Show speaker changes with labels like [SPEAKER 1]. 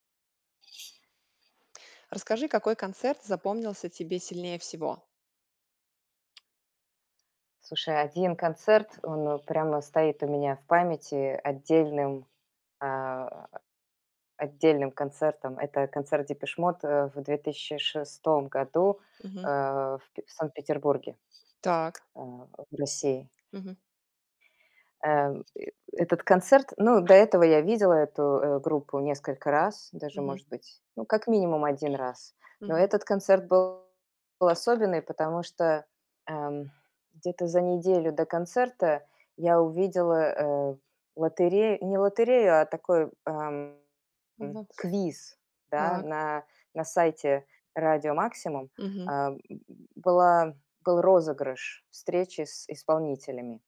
[SPEAKER 1] Расскажи, какой концерт запомнился тебе сильнее всего.
[SPEAKER 2] Слушай, 1 концерт, он прямо стоит у меня в памяти отдельным, а, отдельным концертом. Это концерт "Депеш Мод", э, в 2006 году, э,
[SPEAKER 1] Мгм.
[SPEAKER 2] в Санкт-Петербурге,
[SPEAKER 1] Так.
[SPEAKER 2] э, в России.
[SPEAKER 1] Мгм.
[SPEAKER 2] Э, этот концерт ну до этого я видела эту, э, группу несколько раз, даже,
[SPEAKER 1] Мгм.
[SPEAKER 2] может быть, ну, как минимум, 1 раз. Но
[SPEAKER 1] Мгм.
[SPEAKER 2] этот концерт был особенный, потому что, эм, где-то за неделю до концерта я увидела, э, лотерею, не лотерею, а такой, эм,
[SPEAKER 1] Мгм.
[SPEAKER 2] квиз, да,
[SPEAKER 1] Так.
[SPEAKER 2] на на сайте "Радио Максимум".
[SPEAKER 1] Мгм.
[SPEAKER 2] Э, была был розыгрыш встречи с исполнителями.